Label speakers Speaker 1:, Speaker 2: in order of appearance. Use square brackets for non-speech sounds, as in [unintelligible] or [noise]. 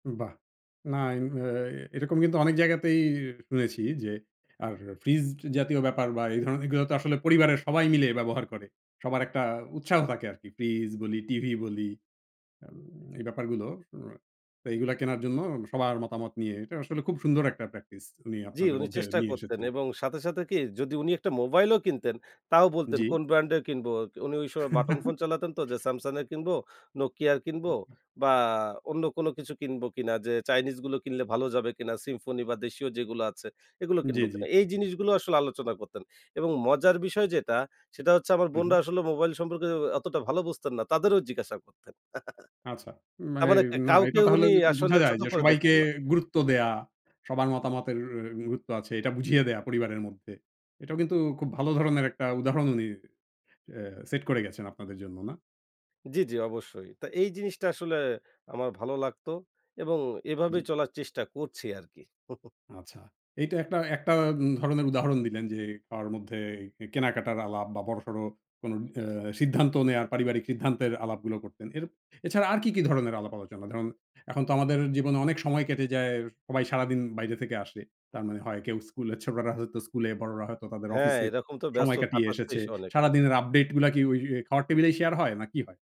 Speaker 1: বাহ! না ইন অ্যা এরকম কিন্তু অনেক জায়গাতেই শুনেছি যে, আর ফ্রিজ জাতীয় ব্যাপার বা এই ধরনের জিনিসগুলো তো আসলে পরিবারের সবাই মিলে ব্যবহার করে। সবার একটা উৎসাহ থাকে আরকি। ফ্রিজ বলি, টিভি বলি আম এই ব্যাপারগুলো তা এইগুলা কেনার জন্য সবার মতামত নিয়ে এটা আসলে খুব সুন্দর একটা প্র্যাকটিস উনি
Speaker 2: জ্বি,
Speaker 1: আপনাদের
Speaker 2: উনি
Speaker 1: মধ্যে
Speaker 2: চেষ্টা
Speaker 1: নিয়ে
Speaker 2: করতেন।
Speaker 1: এসেছেন।
Speaker 2: এবং সাথে, সাথে, কি যদি উনি একটা মোবাইলও কিনতেন তাও বলতেন
Speaker 1: জ্বি।
Speaker 2: কোন ব্র্যান্ডের কিনব। উনি ওই সময় বাটন ফোন চালাতেন তো যে
Speaker 1: [chuckles]
Speaker 2: Samsung এর কিনবো, Nokia র কিনবো বা অন্য কোনো কিছু কিনবো কিনা, যে চাইনিজগুলো কিনলে ভালো যাবে কিনা, Symphony বা দেশীয় যেগুলো আছে, এগুলো
Speaker 1: জ্বী,
Speaker 2: কিনব
Speaker 1: জ্বী।
Speaker 2: কিনা। এই জিনিসগুলো আসলে আলোচনা করতেন। এবং মজার বিষয় যেটা, সেটা হচ্ছে আমার
Speaker 1: হু,
Speaker 2: বোনরা
Speaker 1: হু।
Speaker 2: আসলে মোবাইল সম্পর্কে অতটা ভালো বুঝতেন না। তাদেরও জিজ্ঞাসা করতেন।
Speaker 1: আচ্ছা।
Speaker 2: [chuckles]
Speaker 1: না
Speaker 2: তার মানে
Speaker 1: এই
Speaker 2: একটা
Speaker 1: না
Speaker 2: কাউকে
Speaker 1: এইটা তাহলে
Speaker 2: উনি
Speaker 1: [unintelligible]
Speaker 2: আসলে
Speaker 1: বোঝা যায়
Speaker 2: ছোট
Speaker 1: যে
Speaker 2: করে
Speaker 1: সবাইকে
Speaker 2: দেখতেন না।
Speaker 1: গুরুত্ব দেয়া, সবার মতামতের এ গুরুত্ব আছে। এটা বুঝিয়ে দেয়া পরিবারের মধ্যে। এটাও কিন্তু খুব ভালো ধরনের একটা উদাহরণ উনি অ্যা সেট করে গেছেন আপনাদের জন্য না?
Speaker 2: জ্বি, জ্বি, অবশ্যই। তা এই জিনিসটা আসলে আমার ভালো লাগতো এবং এভাবে
Speaker 1: জ্বি।
Speaker 2: চলার চেষ্টা করছি আরকি। হু, হু।
Speaker 1: আচ্ছা। এইটা একটা একটা, ধরনের উদাহরণ দিলেন যে, খাওয়ার মধ্যেই এ কেনাকাটার আলাপ বা বড়সড় কোন অ্যা সিদ্ধান্ত নেওয়ার পারিবারিক সিদ্ধান্তের আলাপগুলো করতেন। এর এছাড়া আর কি, কি ধরনের আলাপ আলোচনা? ধরুন এখন তো আমাদের জীবনে অনেক সময় কেটে যায়। সবাই সারাদিন বাইরে থেকে আসে। তার মানে হয় কেউ স্কুলে, ছোটরা হয়তো স্কুলে, বড়রা হয়তো তাদের
Speaker 2: হ্যাঁ,
Speaker 1: অফিসে
Speaker 2: এরকম তো ব্যস্ত
Speaker 1: সময় কাটিয়ে
Speaker 2: কাটাচ্ছেই
Speaker 1: এসেছে।
Speaker 2: অনেকে।
Speaker 1: সারাদিনের আপডেইটগুলা কি ওই, ওই খাওয়ার টেবিলেই শেয়ার হয়, না কি হয়?